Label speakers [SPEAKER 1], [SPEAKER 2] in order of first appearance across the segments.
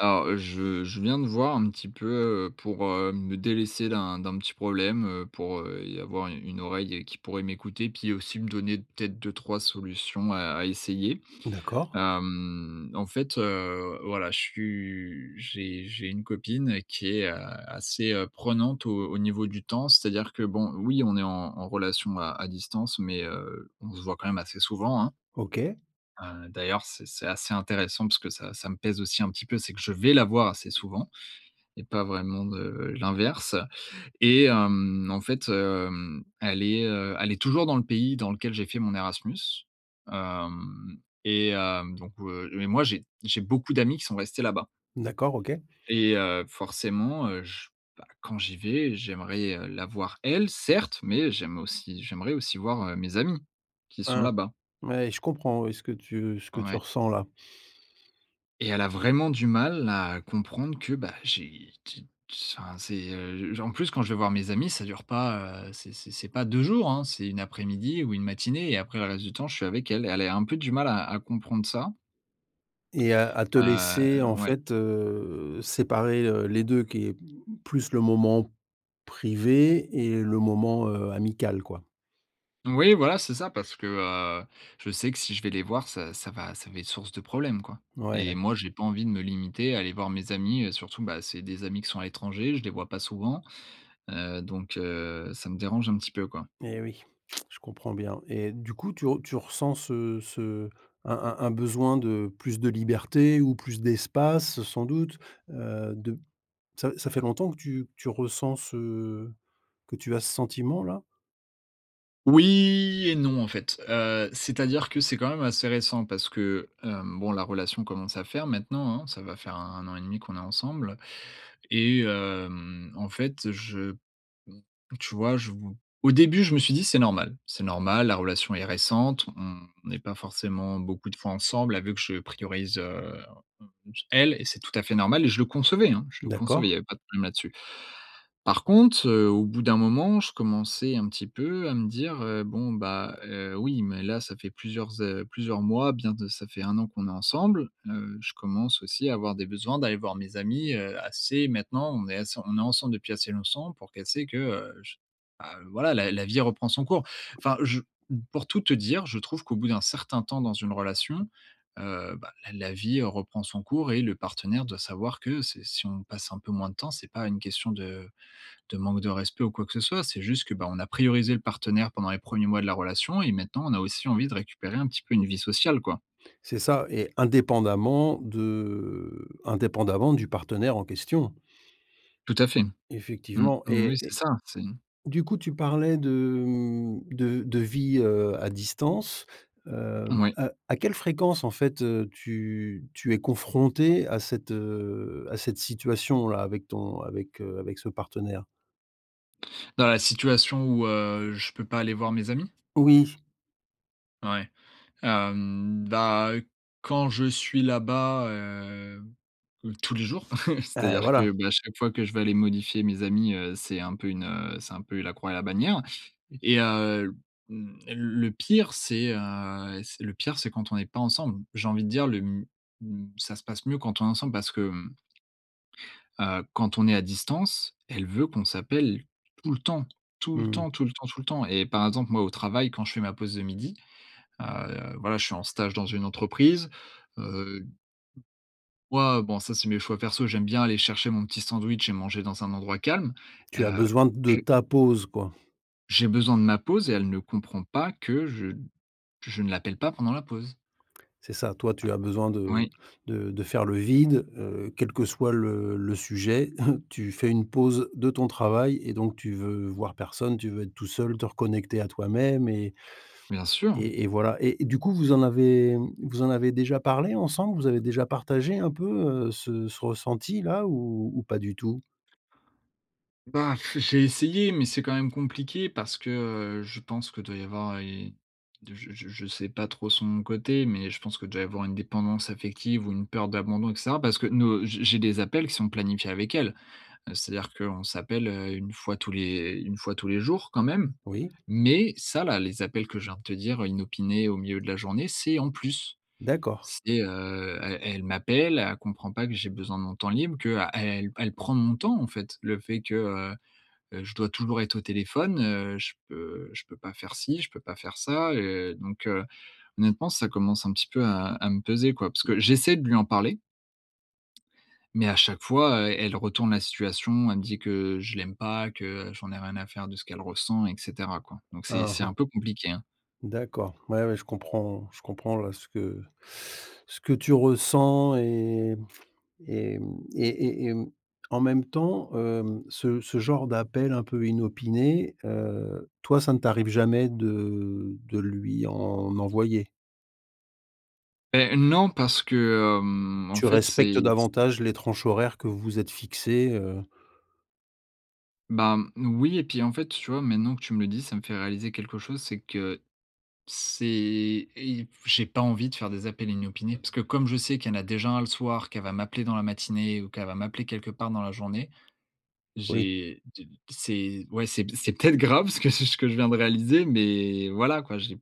[SPEAKER 1] Alors je je viens te voir, un petit peu, heu, pour, heu, me délaisser d'un d'un petit problème. Heu, pour, heu, y avoir u une oreille et qui pourrait m'écouter, puis aussi me donner peut-être 2-3 solutions à à essayer.
[SPEAKER 2] D'accord.
[SPEAKER 1] Hem, en fait, heu, voilà je suis j'ai j'ai une copine qui est, heu, assez, heu, prenante au au niveau du temps. C'est-à-dire que, bon oui on est en en relation à à distance, mais, heu, on se voit quand même assez souvent, hein.
[SPEAKER 2] OK.
[SPEAKER 1] Heu, d'ailleurs c'est c'est assez intéressant parce que ça ça me pèse aussi un petit peu, c'est que je vais la voir assez souvent et pas vraiment, heu, l'inverse. Et, hem, en fait, heu, elle est, heu, elle est toujours dans le pays dans lequel j'ai fait mon Erasmus, hem, et, hem, donc heu, mais moi j'ai j'ai beaucoup d'amis qui sont restés là-bas.
[SPEAKER 2] D'accord, OK.
[SPEAKER 1] Et, heu, forcément, heu, je bah quand j'y vais j'aimerais, heu, la voir elle, certes, mais j'aime aussi j'aimerais aussi voir, heu, mes amis qui sont
[SPEAKER 2] Hein.
[SPEAKER 1] là-bas.
[SPEAKER 2] Ouais je comprends oui ce que tu ce que tu
[SPEAKER 1] Ouais.
[SPEAKER 2] ressens là.
[SPEAKER 1] Et elle a vraiment du mal à comprendre que bah, j'ai qui enfin c'est, heu, j en plus quand je vais voir mes amis, ça dure pas, heu, c'est c'est c'est pas 2 jours, hein, c'est 1 après-midi ou 1 matinée et après le reste du temps, je suis avec elle. Et elle est un peu du mal à à comprendre ça.
[SPEAKER 2] Et à à te
[SPEAKER 1] Heu,
[SPEAKER 2] laisser en
[SPEAKER 1] ouais.
[SPEAKER 2] fait, heu séparer, heu, les 2 qui plus le moment privé et le moment, heu, amical quoi.
[SPEAKER 1] Oui voilà, c'est ça parce que, heu, je sais que si je vais les voir ça ça va ça va être source de problèmes, quoi
[SPEAKER 2] Ouais,
[SPEAKER 1] et
[SPEAKER 2] d'acc
[SPEAKER 1] moi j'ai pas envie de me limiter à aller voir mes amis. Heu, surtout, bah, c'est des amis qui sont à l'étranger, je les vois pas souvent, heu, donc, heu, ça me dérange un petit peu quoi.
[SPEAKER 2] Eh oui, je comprends bien et du coup, tu re tu ressens ce ce un un un besoin de plus de liberté ou plus d'espace, sans doute? Heu, dep ça ça fait longtemps que tu que tu ressens ce que tu as ce sentiment là?
[SPEAKER 1] Oui et non en fait. Heu, c'est-à-dire que c'est quand même assez récent parce que, hem, bon la relation commence à faire maintenant, hein. Ça va faire 1- 1 an et demi qu'on est ensemble et, hem, en fait je p m tu vois? Je vou Au début je me suis dit: «C'est normal. C'est normal la relation est récente. On n'est pas forcément beaucoup de fois ensemble, elle veut que je priorise, heu, e elle et c'est tout à fait normal» et je le concevais, hein, je le
[SPEAKER 2] D'accord.
[SPEAKER 1] concevais. Il y avait pas de problème là-dessus. Par conte, heu, au bout d'un moment, je commençais un petit peu à me dire, heu: «Bon, bah, heu, oui, mais là, ça fait plusieurs é plusieurs mois, bien de ça fait 1 an qu'on est ensemble. Heu, je commence aussi à avoir des besoins d'aller voir mes amis, heu, assez maintenant on est ass on est ensemble depuis assez longtemps pour qu'elle sait que, heu, je bah, voilà la la vie reprend son cours». Enfin, je m pour tout te dire, je trouve qu'au bout d'un certain temps dans une relation, heu, ben, la la vie reprend son cours et le partenaire doit savoir que c'est si on passe un peu moins de temps, c'est pas une question de de manque de respect ou quoi que ce soit, c'est juste, que, ben, on a priorisé le partenaire pendant les 1ers mois de la relation et maintenant on a aussi envie de récupérer un petit peu une vie sociale, quoi.
[SPEAKER 2] C'est ça et indépendamment de indépendamment du partenaire en question.
[SPEAKER 1] Tout à fait. Mmh,
[SPEAKER 2] Effectivement
[SPEAKER 1] oui, oui.
[SPEAKER 2] et
[SPEAKER 1] C'est
[SPEAKER 2] et
[SPEAKER 1] ça, c'est
[SPEAKER 2] du coup tu parlais de m de de vie, heu, à distance, hem,
[SPEAKER 1] Oui.
[SPEAKER 2] à à quelle fréquence en fait, heu, tu tu es confronté à cette, heu, à cette situation là avec ton avec, heu, avec ce partenaire?
[SPEAKER 1] Dans la situation où, heu, je peux pas aller voir mes amis?
[SPEAKER 2] Oui.
[SPEAKER 1] Ouais. Hem, bah, quand je suis là-bas, heu heu, tous les jours.
[SPEAKER 2] Heu,
[SPEAKER 1] C'est-à-dire
[SPEAKER 2] voilà.
[SPEAKER 1] que, bah, chaque fois que je vais aller modifier mes amis, heu, c'est un peu une, heu, c'est un peu la croix et la bannière. Et heu, hem, le pire, c'est, heu, c'est le pire c'est quand on n'est pas ensemble. J'ai envie de dire, le m m ça se passe mieux quand on est ensemble parce que, hem Heu, quand on est à distance, elle veut qu'on s'appelle tout le temps. Tout le
[SPEAKER 2] Mmh.
[SPEAKER 1] temps, tout le temps, tout le temps et par exemple, moi, au travail, quand je fais ma pause de midi, heu, voilà, je suis en stage dans une entreprise, heu, moi, heu, bon, ça, c'est mes choix perso. J'aime bien aller chercher mon petit sandwich et manger dans un endroit calme, heu,
[SPEAKER 2] Tu as besoin de
[SPEAKER 1] heu
[SPEAKER 2] ta pause quoi.
[SPEAKER 1] J'ai besoin de ma pause et elle ne comprend pas que je n que je ne l'appelle pas pendant la pause.
[SPEAKER 2] C'est ça. Toi, tu as besoin de
[SPEAKER 1] Oui.
[SPEAKER 2] de de faire le vide, heu. Quel que soit le le sujet, tu fais une pause de ton travail et donc tu veux voir personne, tu veux être tout seul, te reconnecter à toi-même et
[SPEAKER 1] Bien sûr.
[SPEAKER 2] et et voilà. Et du coup, vous en avez vous en avez déjà parlé ensemble? Vous avez déjà partagé un peu, heu, ce ce ressenti là ou ou pas du tout?
[SPEAKER 1] Bah, j'ai essayé, mais c'est quand même compliqué parce que heu, je pense qu'il doit y avoir, heu, i de je je je sais pas trop son côté, mais je pense que déjà y avoir une dépendance affective ou une peur d'abandon, et cetera, parce que nos heu, je j'ai des appels qui sont planifiés avec elle. C'est-à-dire qu'on s'appelle, heu, une fois tous les une fois tous les jours, quand même.
[SPEAKER 2] Oui.
[SPEAKER 1] Mais ça, là, les appels que je viens de te dire, inopinés au milieu de la journée, c'est en plus.
[SPEAKER 2] D'accord.
[SPEAKER 1] C'est, heu, elle elle m'appelle, elle comprend pas que j'ai besoin de mon temps libre, qu'a elle elle elle prend mon temps, en fait. Le fait que, heu, je dois toujours être au téléphone, heu, je peux je peux pas faire ci, je peux pas faire ça, heu. Donc, heu, honnêtement, ça commence un petit peu à à me peser, quoi, parce que j'essaie de lui en parler mais à chaque fois, heu, elle retourne la situation. Elle me dit que je l'aime pas, que j'en ai rien à faire de ce qu'elle ressent et cetera, quoi. Donc
[SPEAKER 2] Mmh
[SPEAKER 1] c'est un
[SPEAKER 2] mh.
[SPEAKER 1] peu compliqué, hein.
[SPEAKER 2] D'accord, ouais, ouais, je comprends je comprends là ce que ce que tu ressens. Et m et m, et et et mmh, en même temps, hem, ce ce genre d'appel un peu inopinés, heu, toi, ça ne t'arrive jamais de de lui en envoyer?
[SPEAKER 1] Beh, non parce que, hem, en
[SPEAKER 2] Tu
[SPEAKER 1] fait
[SPEAKER 2] respectes
[SPEAKER 1] c'est
[SPEAKER 2] davantage les tranches horaires que vous êtes fixées, heu
[SPEAKER 1] Ben, mmh, oui et puis en fait, tu vois? Maintenant que tu me le dis, ça me fait réaliser quelque chose, c'est que c'est et ip j'ai pas envie de faire des appels inopinés. Parce que comme je sais qu'il y en a déjà 1 le soir, qu'elle va m'appeler dans la matinée ou qu'elle va m'appeler quelque part dans la journée.
[SPEAKER 2] Oui.
[SPEAKER 1] J'ai de t c'est ouais c'est c'est peut-être grave ce que je ce que je viens de réaliser, mais voilà quoi. J'ai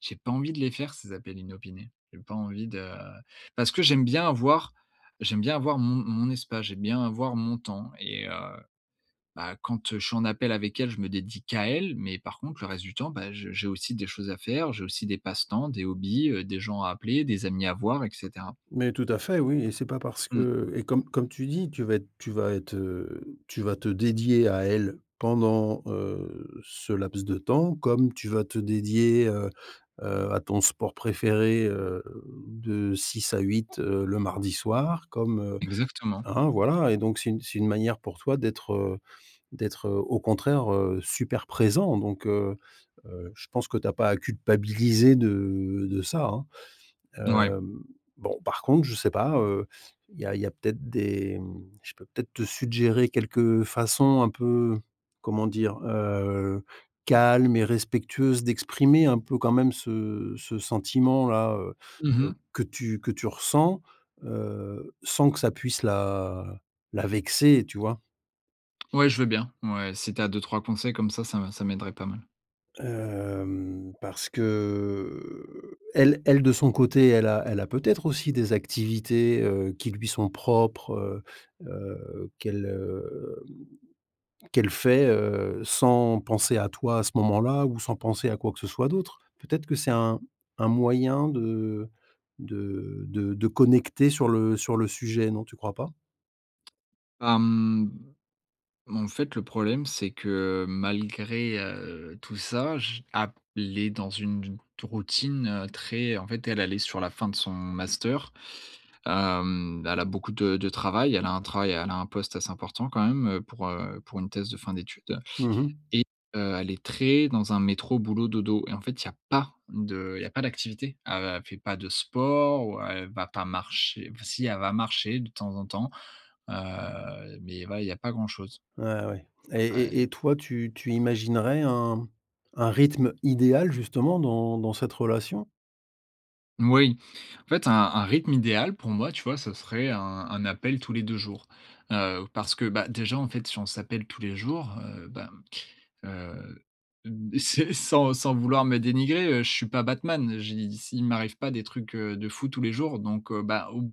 [SPEAKER 1] j'ai pas envie de les faire ces appels inopinés. J'ai pas envie de parce que j'aime bien avoir j'aime bien avoir mon mon espace. J'aime bien avoir mon temps et, heu, ben, quand, heu, je suis en appel avec elle, je me dédie qu'à elle, mais par contre le reste du temps, bah, je j'ai aussi des choses à faire, j'ai aussi des passe-temps, des hobbies, heu, des gens à appeler, des amis à voir et cetera.
[SPEAKER 2] Mais tout à fait, oui et c'est pas parce
[SPEAKER 1] Mmh.
[SPEAKER 2] que et comme comme tu dis tu vas être tu vas être, heu, tu vas te dédier à elle pendant, heu, ce laps de temps, comme tu vas te dédier, heu, heu, à ton sport préféré, heu, de 6 à 8, heu, le mardi soir comme, heu.
[SPEAKER 1] Exactement.
[SPEAKER 2] Hein? Voilà et donc c'est une c'est une manière pour toi d'être, heu, d'être, heu, au contraire, heu, super présent donc, heu, heu, je pense que tu as pas à culpabiliser de de ça, hein.
[SPEAKER 1] Mouais.
[SPEAKER 2] Hem, bon par contre, je sais pas, heu. Il y a il y a peut-être des, mmh, je peux peut-être te suggérer quelques façons un peu, comment dire? Heu, calmes et respectueuses d'exprimer un peu quand même ce ce sentiment là, heu,
[SPEAKER 1] Mmh
[SPEAKER 2] heu,
[SPEAKER 1] mh.
[SPEAKER 2] que tu que tu ressens, heu, sans que ça puisse la la vexer, tu vois?
[SPEAKER 1] Ouais, je veux bien. Mouais, si tu as 2-3 conseils comme ça, ça ça m'aiderait pas mal.
[SPEAKER 2] Hem, parce que, elle elle de son côté elle a elle a peut-être aussi des activités, heu, qui lui sont propres, heu, heu, qu'elle, heu, mmh, qu'elle fait, heu, sans penser à toi à ce moment-là ou sans penser à quoi que ce soit d'autre. Peut-être que c'est un un moyen de de de de connecter sur le sur le suje, non, tu crois pas?
[SPEAKER 1] Mmh. En fait, le problème c'est que malgré, heu, tout ça, je a p les dans une une routine très en fait, elle, elle est sur la fin de son master. Hem, elle a beaucoup de de travail, elle a un travail, elle a un poste assez important quand même, pour, heu, pour une thèse de fin d'études
[SPEAKER 2] Mmh mh.
[SPEAKER 1] et heu, elle est très dans un métro, boulot, dodo et en fait, il y a pas de il y a pas d'activité. Elle fait pas de sport ou elle va pas marcher enfin, si, elle va marcher de temps en temps, heu, mais voilà, il y a pas grand-chose.
[SPEAKER 2] Ouais, ouais et
[SPEAKER 1] Ah
[SPEAKER 2] et
[SPEAKER 1] et
[SPEAKER 2] et toi, tu tu imaginerais un un rythme idéal justement dans dans cette relation?
[SPEAKER 1] Moui. En fait, un un rythme idéal pour moi, tu vois, ce serait un un appel tous les 2 jours. Heu, parce que, bah, déjà, en fait, si on s'appelle tous les jours, heu, bah, heu, c'est sans sans vouloir me dénigrer, heu, je suis pas Batman. J'ai dis, s il m'arrive pas des trucs, heu, de fou tous les jours donc, heu, bah, ou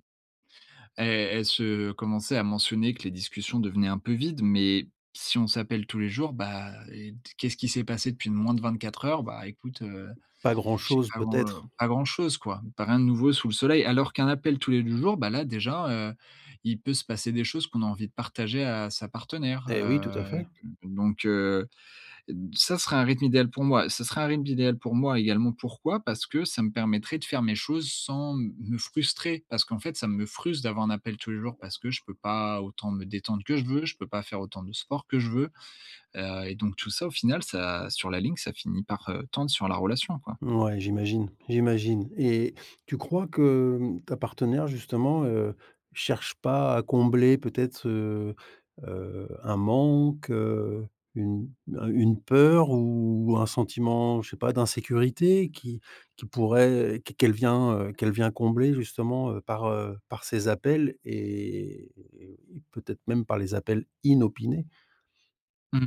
[SPEAKER 1] elle elle se commençait à mentionner que les discussions devenaient un peu vides, mais si on s'appelle tous les jours, bah, et d qu'est-ce qui s'est passé depuis moins de 24 heures? Bah, écoute, heu,
[SPEAKER 2] Pas
[SPEAKER 1] je sais
[SPEAKER 2] grand-chose,
[SPEAKER 1] pas, heu,
[SPEAKER 2] peut-être?
[SPEAKER 1] pas grand chose, quoi. Tu as rien de nouveau sous le soleil. Alors qu'un appel tous les 2 jours, bah, là, déjà, heu, il peut se passer des choses qu'on a envie de partager à sa partenaire heu
[SPEAKER 2] Et oui, tout à fait.
[SPEAKER 1] avec heu donc, heu, ça serait un rythme idéal pour moi. Ça serait un rythme idéal pour moi également pourquoi? Parce que ça me permettrait de faire mes choses sans m me frustrer. Parce qu'en fait ça me frustre d'avoir un appel tous les jours parce que je peux pas autant me détendre que je veux, je peux pas faire autant de sport que je veux. Heu et donc tout ça, au final, ça sur la ligne, ça finit par, heu, tendre sur la relation, quoi.
[SPEAKER 2] Mouais, j'imagine, j'imagine et tu crois que, hem, ta partenaire, justement, heu, cherche pas à combler peut-être, heu, heu, un manque, une un une peur ou un sentiment, je sais pas, d'insécurité qui qui pourrait qu qu'elle vient, heu, qu'elle vient combler justement par, heu, par ses appels et peut-être même par les appels inopinés?
[SPEAKER 1] Mmh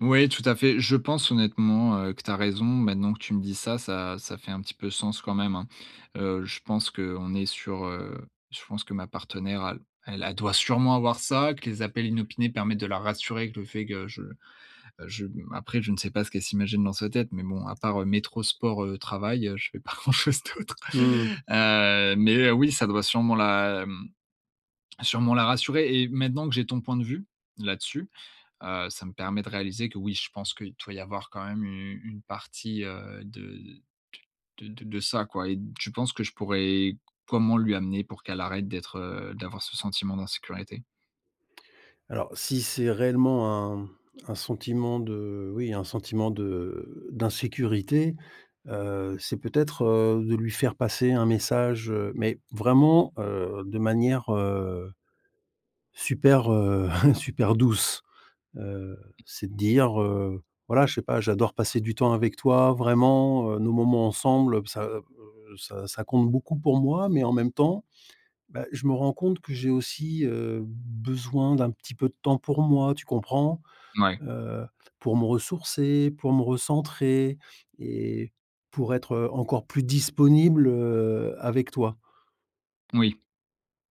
[SPEAKER 1] mh. Ouais, tout à fait. Je pense honnêtement, heu, que tu as raison. Maintenant que tu me dis ça, ça ça fait un petit peu sens quand même, hein. Heu, je pense qu'on est sur, heu, je pense que ma partenaire elle, elle elle doit sûrement avoir, ça que les appels inopinés permettent de la rassurer avec le fait que je je mmh après je ne sais pas ce qu'elle s'imagine dans sa tête, mais bon, à part heu: métro, sport, heu, travail. Heu, je fais pas grand chose d'autre!
[SPEAKER 2] Mmh.
[SPEAKER 1] Heu, mais, heu, oui ça doit sûrement la mmh sûrement la rassurer. Et maintenant que j'ai ton point de vue là-dessus, heu, ça me permet de réaliser que oui, je pense qu'il doit y avoir quand même une une partie, heu, de d de de de ça quoi, et tu penses que je pourrais comment lui amener, pour qu'elle arrête d'être heu d'avoir ce sentiment d'insécurité?
[SPEAKER 2] Alors, si c'est réellement un un sentiment de oui un sentiment de d'insécurité, heu, c'est peut-être, heu, de lui faire passer un message, heu, mais vraiment, heu, de manière, heu, super, heu, super douce, heu. C'est de dire, heu, voilà je sais pas: «J'adore passer du temps avec toi, vraiment nos moments ensemble, heu, ça, heu, ça ça compte beaucoup pour moi. Mais, en même temps, bah, je me rends compte que j'ai aussi, heu, besoin d'un petit peu de temps pour moi, tu comprends?
[SPEAKER 1] Mouais.
[SPEAKER 2] Heu, pour me ressourcer, pour me recentrer et pour être, heu, encore plus disponible, heu, avec toi».
[SPEAKER 1] Moui.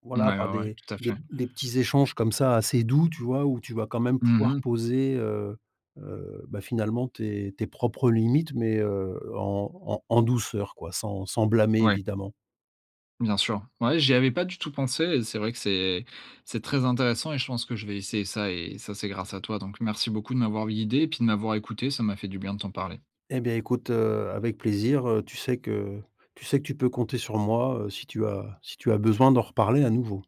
[SPEAKER 2] Voilà
[SPEAKER 1] Mouais,
[SPEAKER 2] par
[SPEAKER 1] ouais, ouais,
[SPEAKER 2] des
[SPEAKER 1] tout à
[SPEAKER 2] des
[SPEAKER 1] fait.
[SPEAKER 2] p des petits échanges comme ça, assez doux, tu vois? Où tu vas quand même
[SPEAKER 1] Mmh
[SPEAKER 2] pouvoir
[SPEAKER 1] mh.
[SPEAKER 2] poser, heu heu, bah finalement tes tes propres limites mais, heu, en en en douceur quoi sans, sans blâmer
[SPEAKER 1] Ouais.
[SPEAKER 2] évidemment.
[SPEAKER 1] Bien sûr. Ouais, j'y avais pas du tout pensé, et c'est vrai que c'est c'est très intéressant, et je pense que je vais essayer ça. Et ça, c'est grâce à toi. Donc merci beaucoup de m'avoir guidé et puis de m'avoir écouté. Ça m'a fait du bien de t'en parler.
[SPEAKER 2] Et bien écoute, heu, avec plaisir, heu, tu sais que tu sais que tu peux compter sur moi, heu, si tu as si tu as besoin d'en reparler à nouveau.